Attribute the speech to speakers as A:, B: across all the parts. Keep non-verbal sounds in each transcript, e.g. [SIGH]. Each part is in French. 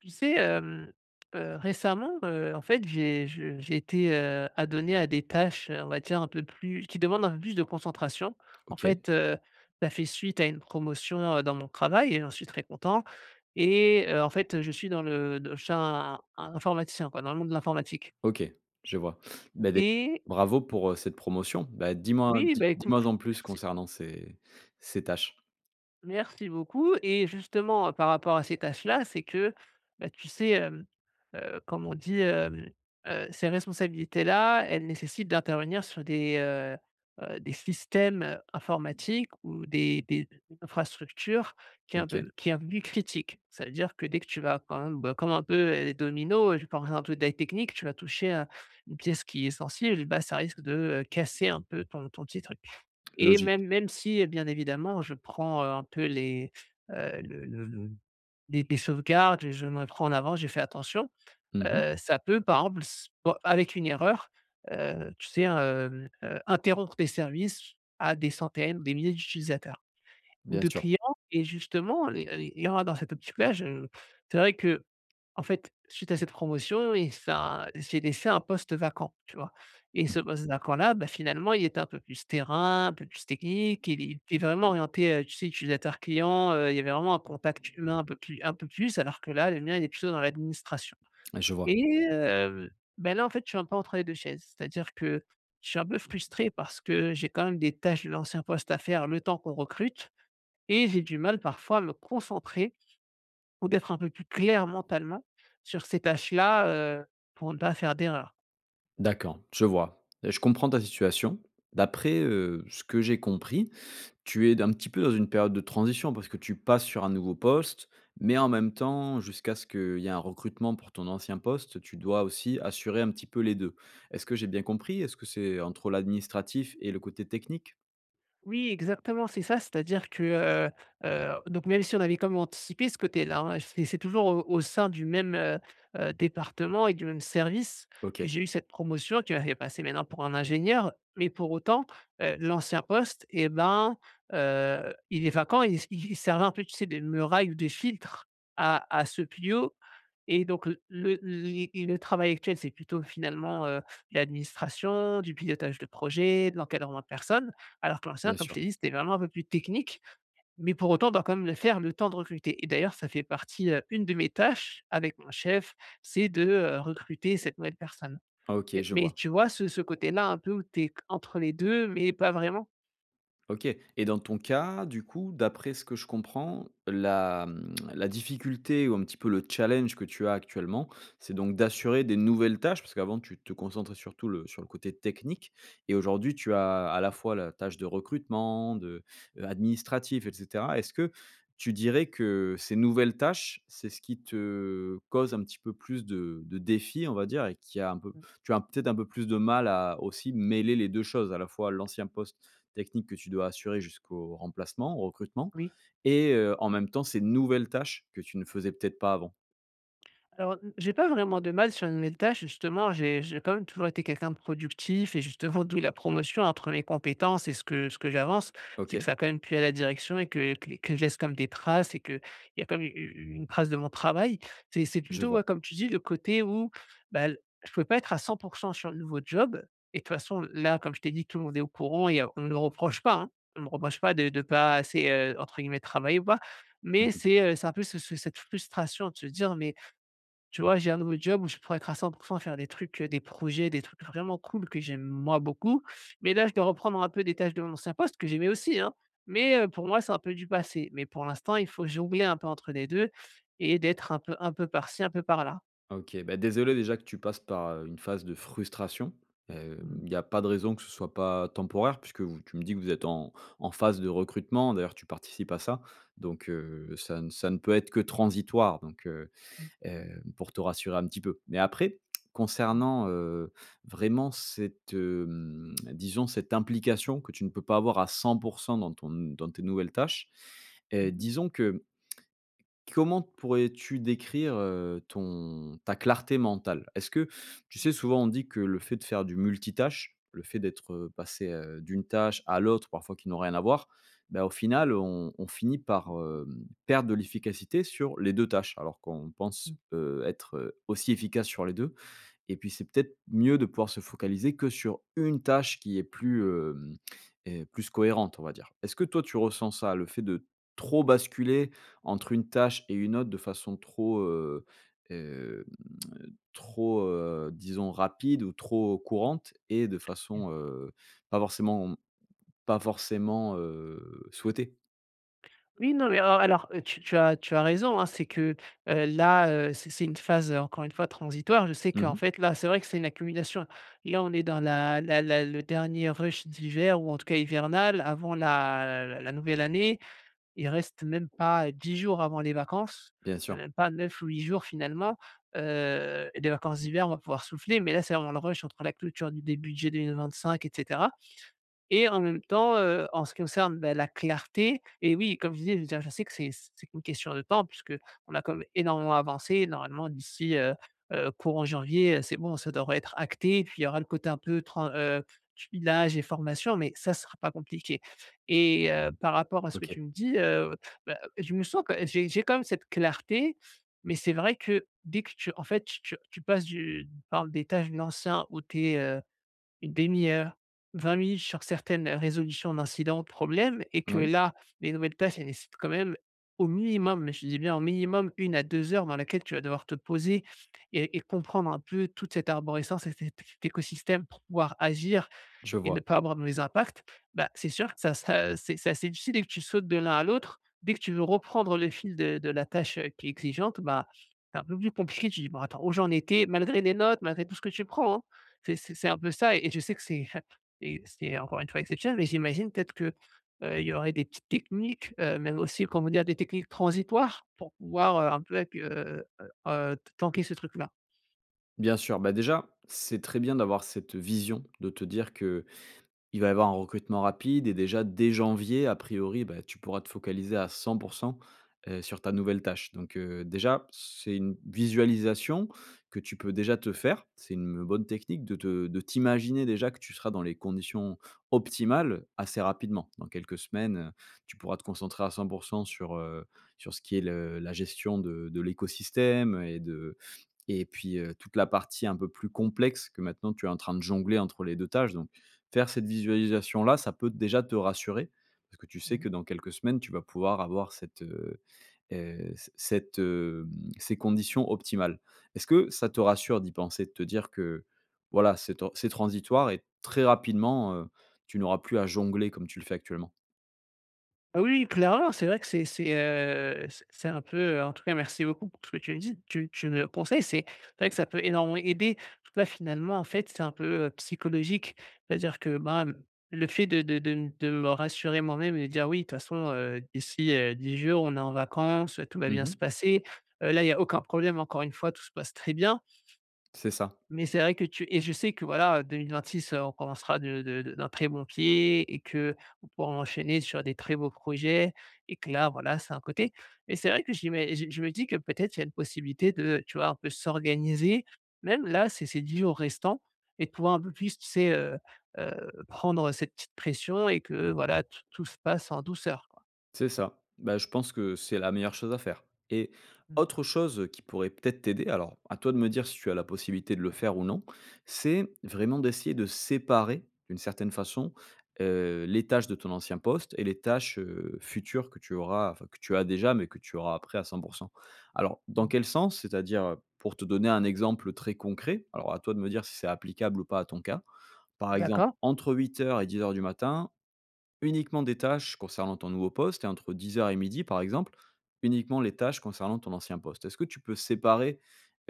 A: Tu sais, hem heu, récemment, heu, en fait, j'ai je j'ai été, heu, adonné à des tâches, on va dire un peu plus qui demandent un peu plus de concentration. En
B: OK.
A: fait, heu, ça fait suite à une promotion, heu, dans mon travail et j'en suis très content et heu, en fait, heu, je suis dans le de chin in informaticien quoi, dans le monde de l'informatique
B: OK, je vois. Beh dé
A: et
B: bravo pour, heu, cette promotion. Beh dis-moi,
A: Oui,
B: dis
A: beh écoute,
B: dis-moi en plus
A: merci
B: concernant ces ces tâches?
A: merci beaucoup, et justement, par rapport à ces tâches là, c'est que, beh, tu sais, hem, heu, comme on dit, hem, heu, ces responsabilités là, elles nécessitent d'intervenir sur des, heu heu, des systèmes, heu, informatiques ou des des des infrastructures qui est un
B: OK.
A: peu qui est un peu plus critique. Ça veut dire que, dès que tu vas quand même, bah, comme un peu les dominos, je pense à un truc très technique, tu vas toucher à une pièce qui est essentielle, ben, ça risque de, heu, casser un peu ton ton petit truc, et
B: Logique.
A: même même si bien évidemment, je prends, heu, un peu les, heu, le le le les les sauvegardes, je me prends en avant, j'ai fait attention.
B: Mmh mh.
A: Heu, ça peut par exemple s bon avec une erreur, heu, tu sais hein, hem heu, interrompre tes services à des centaines ou des milliers d'utilisateurs ou
B: Bien
A: de
B: sûr.
A: clients, et justement les il y [UNINTELLIGIBLE] dans cette optique là, je c'est vrai qu'en fait suite à cette promotion et ça j'ai laissé un poste vacant tu vois, et
B: Mmh
A: ce
B: mh.
A: poste vacant là, bah, finalement il était un peu plus terrain, un peu plus technique, il est il est vraiment orienté, heu, tu sais utilisateur client, heu, il y avait vraiment un contact humain un peu plus un peu plus alors que là, le mien il est plutôt dans l'administration,
B: Ouais, je vois.
A: et heu, ben, là en fait, je suis un peu entre les 2 chaises. C'est-à-dire que je suis un peu frustré, parce que j'ai quand même des tâches de l'ancien poste à faire, le temps qu'on recrute et j'ai du mal parfois à me concentrer, ou d'être un peu plus clair mentalement sur ces tâches là, heu, pour ne pas faire d'erreurs.
B: D'accord, je vois. Je comprends ta situation. D'après, heu, ce que j'ai compris, tu aides un petit peu dans une période de transition, parce que tu passes sur un nouveau poste, mais en même temps jusqu'à ce qu'il y a un recrutement pour ton ancien poste, tu dois aussi assurer un petit peu les 2. Est-ce que j'ai bien compris? Est-ce que c'est entre l'administratif et le côté technique?
A: Oui exactement c'est ça, c'est-à-dire que, heu heu, donc même si on avait quand même anticipé ce côté-là hein, c'est c'est toujours au au sein du même, heu heu, département et du même service que
B: OK.
A: j'ai eu cette promotion, qui m'a fait passer maintenant pour un ingénieur. Mais pour autant, heu, l'ancien poste et ben, heu, il est vacant et il s il il servait un peu tu sais de muraille ou de filtre à à ceux plus haut, et donc l le li le travail actuel c'est plutôt finalement, heu, l'administration, du pilotage de projet, de l'encadrement de personnes. Alors que l'ancien
B: Bien
A: comme je
B: sûr.
A: t'ai dit, c'était vraiment un peu plus technique. Mais pour autant, on doit quand même le faire le temps de recruter et d'ailleurs ça fait partie heu une de mes tâches avec mon chef, c'est de, heu, recruter cette nouvelle personne
B: Ah OK,
A: et
B: je
A: mais
B: vois.
A: tu vois ce ce côté-là un peu où t'es entre les 2 mais pas vraiment?
B: OK, et dans ton cas, du coup, d'après ce que je comprends la, mmh, la difficulté ou un petit peu le challenge que tu as actuellement, c'est donc d'assurer des nouvelles tâches parce qu'avant tu te concentrais sur tout le sur le côté technique, et aujourd'hui tu as, à la fois la tâche de recrutement de, heu, administratif et cetera. Est-ce que tu dirais que ces nouvelles tâches, c'est ce qui te cause un petit peu plus de de défis, on va dire, et qui a un peu
A: Mmh.
B: tu as peut-être un peu plus de mal à aussi mêler les 2 choses à la fois? L'ancien poste technique que tu dois assurer jusqu'au remplacement, au recrutement
A: Oui.
B: et heu, en même temps ces nouvelles tâches que tu ne faisais peut-être pas avant?
A: Alors, mmh, j'ai pas vraiment de mal sur une nouvelle tâche. Justement, j'ai j'ai quand même toujours été quelqu'un de productif, et justement, d'où la promotion entre mes compétences, et ce que ce que j'avance. C'est que
B: OK.
A: ça a quand même plu à la direction et que que que je laisse quand même des traces, et qu'il y a quand même u u une trace de mon travail. C'est c'est
B: Je
A: plutôt,
B: vois.
A: ouais, comme tu dis, le côté où, bah l je pouvais pas être à 100 % sur le nouveau job, et de toute façon l là, comme je t'ai dit, tout le monde est au courant, et heu, on le reproche pas, hein, on me reproche pas de de pas assez, heu, entre guillemets, «travailler» ou pas,
B: Mmh
A: mais
B: mh.
A: c'est, heu, c'est un peu ce ce cette frustration de se dire, mais, tu vois, j'ai un nouveau job où je pourrais être à 100 % et faire des trucs, heu, des projets, des trucs vraiment cool que j'aime, moi, beaucoup. Mais là, je dois reprendre un peu des tâches de mon ancien poste, que j'aimais aussi hein, mais, heu, pour moi, c'est un peu du passé. Mais pour l'instant, il faut jongler un peu entre les 2 et d'être un peu un peu par ci, un peu par là.
B: Ah OK, bah désolé déjà que tu passes par, heu, une phase de frustration, hem,
A: Mmh mh.
B: il y a pas de raison que ce soit pas temporaire puisque vous tu me dis que vous êtes en en phase de recrutement, d'ailleurs tu participes à ça, donc, heu, ça n ça ne peut être que transitoire donc, heu
A: Mmh.
B: heu, pour te rassurer un petit peu. Mais après
A: Mmh.
B: concernant, heu, vraiment cette, hem, disons cette implication que tu ne peux pas avoir à 100 % dans ton n dans tes nouvelles tâches.
A: Mmh
B: Heu,
A: mh.
B: disons que, mmh Comment pourrais-tu décrire, heu, ton ta clarté mentale? Est-ce que tu sais souvent on dit que le fait de faire du multitâche, le fait d'être, heu, passé, heu, d'une tâche à l'autre parfois qui n'ont rien à voir, bah, au final on on finit par, hem, perdre de l'efficacité sur les 2 tâches. Alors qu'on pense,
A: Mmh.
B: heu, être, heu, aussi efficace sur les 2 et puis, c'est peut-être mieux de pouvoir se focaliser que sur 1 tâche qui est plus, hem, heu, plus cohérente on va dire. Est-ce que toi tu ressens ça? Le fait de trop basculer entre une tâche et une autre de façon trop, heu, hem, trop, heu, disons rapide ou trop courante, et de
A: Et
B: façon, heu, pas forcément, mmh, pas forcément, heu, souhaitée?
A: Oui, non, mais en alors, heu, tu tu as tu as raison, hein, c'est que, heu, là, heu, c'est c'est une phase, heu, encore une fois transitoire. Je sais
B: Mmh
A: qu'en
B: mh.
A: fait là c'est vrai que c'est une accumulation, et là, on est dans la la la le dernier rush d'hiver ou en tout cas hivernal avant la l la nouvelle année. Il reste même pas, heu, 10 jours avant les vacances,
B: Bien
A: heu,
B: sûr.
A: même pas 9 ou 8 jours finalement. Heu, les vacances d'hiver, on va pouvoir souffler, mais là, c'est vraiment le rush entre la clôture d des budgets 2025, et cetera. Et en même temps, heu, en ce qui concerne, bah, la clarté et oui, comme je disais, je veux dire je sais que c'est c'est qu'une question de temps puisqu'on a quand même énormément avancé et normalement d'ici, heu heu, courant janvier, heu, c'est bon ça devrait être acté puis il y aura le côté un peu tran heu, tuilage et formation mais ça sera pas compliqué. Et heu, par rapport à ce que
B: OK.
A: tu me dis, heu, bah, je me sens quand j'ai j'ai quand même cette clarté, mais c'est vrai que dès que tu en fait, tu tu tu passes du par des tâches de l'anciens où tu es, heu, une 1/2 heure, 20 minutes sur certaines, heu, résolutions d'incidents, de problèmes, et que
B: Moui.
A: là les nouvelles tâches elles nécessitent quand même au minimum, mais je te dis bien au minimum 1 à 2 heures dans laquelle tu vas devoir te poser et et comprendre un peu toute cette arborescence et cet cet écosystème pour pouvoir agir
B: Je
A: et ne
B: vois.
A: pas avoir de mauvais impacts. Bah, c'est sûr que ça ça c'est c'est assez difficile et que tu sautes de l'un à l'autre, dès que tu veux reprendre le fil de de la tâche, heu, qui est exigeante, bah, c'est un peu plus compliqué, tu dis: «Bon, attends où j'en étais», malgré les notes, malgré tout ce que tu prends, hein! C'est c'est c'est un peu ça et je sais que c'est hep et c'est encore une fois exceptionnel, mais j'imagine peut-être que, heu, il y aurait des petites techniques, heu, même aussi comment dire? Des techniques transitoires pour pouvoir, heu, un peu accu heu heu heu, t tanquer ce truc-là.
B: Bien sûr, bah, déjà c'est très bien d'avoir cette vision, de te dire qu'il va y avoir un recrutement rapide et déjà, dès janvier, a priori, bah tu pourras te focaliser à 100 %, heu, sur ta nouvelle tâche. Donc, heu, déjà c'est une visualisation que tu peux déjà te faire, c'est une, heu, bonne technique de te de t'imaginer déjà que tu seras dans les conditions optimales, assez rapidement. Dans quelques semaines, heu, tu pourras te concentrer à 100 % sur, heu, sur ce qui est le la gestion de de l'écosystème et de et puis, heu, toute la partie un peu plus complexe, que maintenant tu es en train de jongler entre les 2 tâches. Donc faire cette visualisation là, ça peut déjà te rassurer, parce que tu sais
A: Mmh.
B: que dans quelques semaines tu vas pouvoir avoir cette, heu heu, c cette, hem, ces conditions optimales. Est-ce que ça te rassure d'y penser? De te dire que voilà c'est tan c'est transitoire et très rapidement, heu, tu n'auras plus à jongler comme tu le fais actuellement?
A: Ah oui, clairement. C'est vrai que c'est c'est, heu, c c'est un peu, heu en tout cas merci beaucoup pour ce que tu me dis. Tu tu me conseilles. C'est vrai que ça peut énormément aider. En tout cas, finalement, en fait, c'est un peu, heu, psychologique. C'est-à-dire que bah mmh, le fait de de de m de me rassurer moi-même et de dire: «Oui, de toute façon, heu, d'ici, heu, 10 jours on est en vacances, tout va
B: Mmh
A: bien
B: mh.
A: se passer», heu, là, il y a aucun problème. Encore une fois, tout se passe très bien.
B: C'est ça.
A: Mais c'est vrai que tu et je sais que voilà, heu, 2026 heu, on commencera de de de d'un très bon pied et qu'on pourra enchaîner sur des très beaux projets et que là, voilà, c'est un côté. Mais c'est vrai que j'ima j je me dis que peut-être il y a une possibilité de, tu vois, un peu s'organiser, même là, ces ces 10 jours restants et de pouvoir un peu plus, tu sais, heu heu, prendre cette petite pression et que voilà t tout se passe en douceur, quoi.
B: C'est ça. Bah, je pense que c'est la meilleure chose à faire et
A: Mmh.
B: autre chose qui pourrait peut-être t'aider, alors à toi de me dire si tu as la possibilité de le faire ou non. C'est vraiment d'essayer de séparer, d'une certaine façon, heu, les tâches de ton ancien poste et les tâches, heu, futures que tu auras, enfin, que tu as déjà mais que tu auras après à 100 %. Alors dans
A: Mmh.
B: quel sens? C'est-à-dire, heu, pour te donner un exemple très concret, alors à toi de me dire si c'est applicable ou pas à ton cas. Par exemple
A: D'accord.
B: entre 8:00 et 10:00 du matin uniquement des tâches concernant ton nouveau poste et entre 10:00 et 12:00 par exemple, uniquement les tâches concernant ton ancien poste. Est-ce que tu peux séparer,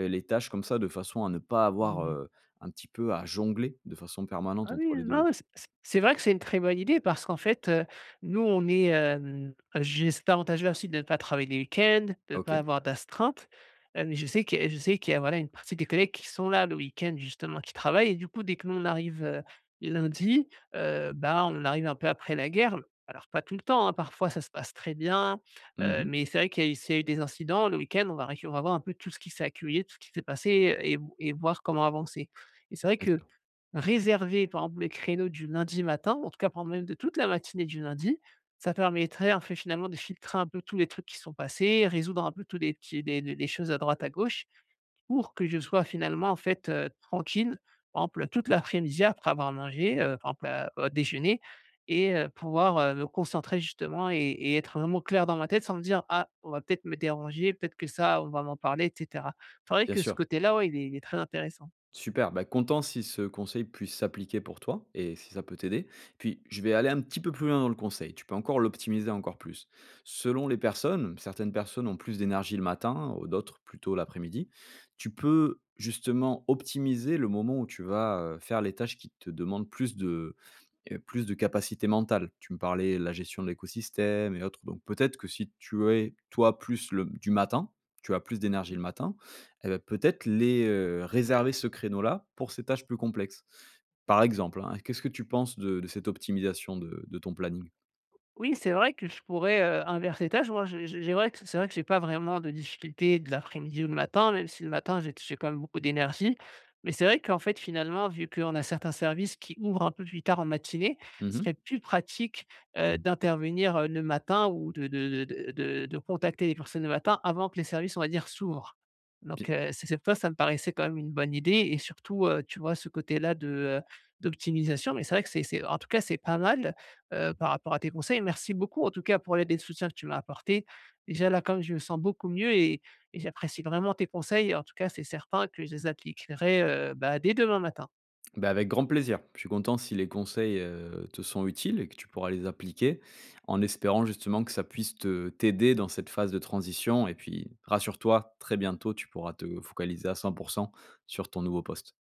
B: heu, les tâches comme ça, de façon à ne pas avoir,
A: Mmh mh.
B: heu, un petit peu à jongler de façon permanente
A: Ah
B: entre
A: oui.
B: les
A: Ah
B: 2
A: ouais.
B: te
A: C c c'est vrai que c'est une très bonne idée, parce qu'en fait, heu, nous on est, hem, juste avantagés ensuite de pas travailler les week-ends, de pas
B: OK.
A: avoir d'astreinte, heu, mais je sais que je sais qu'il y a, voilà, une partie des collègues qui sont là le week-end justement, qui travaillent et du coup, dès que nous on arrive, heu, lundi, heu, bah on arrive un peu après la guerre, l alors pas tout le temps hein, parfois, ça se passe très bien,
B: Mmh
A: heu,
B: mh.
A: mais c'est vrai qu'il y a eu s'il y a eu des incidents le week-end, on va récu on va voir un peu tout qui s'est accueillé, tout ce qui s'est passé, heu et v et voir comment avancer, et c'est vrai
B: Bien
A: que
B: sûr.
A: réserver par exemple les créneaux du lundi matin, en tout cas prendre même de toute la matinée du lundi, ça permettrait en fait, finalement de filtrer un peu tous les trucs qui sont passés. Résoudre un peu tous les petits, les le les choses à droite, à gauche pour que je sois finalement en fait, heu, tranquille. Par exemple, heu, toute l'après-midi, après avoir mangé, heu, par exemple à au déjeuner et heu, pouvoir, heu, me concentrer justement et et être vraiment clair dans ma tête, sans me dire: «Ah on va peut-être me déranger, peut-être que ça on va m'en parler et cetera». C'est vrai
B: Bien
A: que ce
B: sûr.
A: côté-là, ouais, il est il est très intéressant.
B: Super bah content si ce conseil puisse s'appliquer pour toi et si ça peut t'aider. Puis je vais aller un petit peu plus loin dans le conseil, tu peux encore l'optimiser encore plus. Selon les personnes, certaines personnes ont plus d'énergie le matin ou d'autres plutôt l'après-midi, tu peux justement optimiser le moment où tu vas, heu, faire les tâches qui te demandent plus de, heu, plus de capacités mentales. Tu me parlais de la gestion de l'écosystème et autres, donc peut-être que si tu es, toi, plus le m du matin, tu as plus d'énergie
A: Mmh.
B: le matin et bah peut-être les, heu réserver ce créneau là pour ces tâches plus complexes. Par exemple hein, qu'est-ce que tu penses de de cette optimisation de de ton planning?
A: O oui, c'est vrai que je pourrais, heu, inverser les tâches. Moi, je je j'ai vrai q c'est vrai que j'ai pas vraiment de difficulté de l'après-midi ou le matin, même si le matin, j'ai t j'ai quand même beaucoup d'énergie. Mais c'est vrai qu'en fait, finalement, vu qu'on a certains services qui ouvrent un peu plus tard en matinée,
B: Mmh
A: ce
B: mh.
A: serait plus pratique, heu, d'intervenir, heu, le matin ou de de de de de de contacter les personnes le matin, avant que les services on va dire s'ouvrent. Donc,
B: Bie
A: heu, c'est cette fois ça me parait c'est quand même une bonne idée et surtout, heu, tu vois ce côté-là de, heu, d'optimisation. Mais c'est vrai que c'est c'est en tout cas c'est pas mal,
B: Mmh
A: heu,
B: mh.
A: par rapport à tes conseils. Merci beaucoup en tout cas pour l'aide et le soutien que tu m'as apporté. Déjà là, comme je me sens beaucoup mieux et et j'apprécie vraiment tes conseils. En tout cas c'est certain que je les appliquerai, heu, bah dès demain matin.
B: Bah avec grand plaisir. Je suis content si les conseils, heu, te sont utiles et que tu pourras les appliquer. En espérant justement que ça puisse te t'aider dans cette phase de transition et puis rassure-toi, très bientôt, tu pourras te focaliser à 100 % sur ton nouveau poste.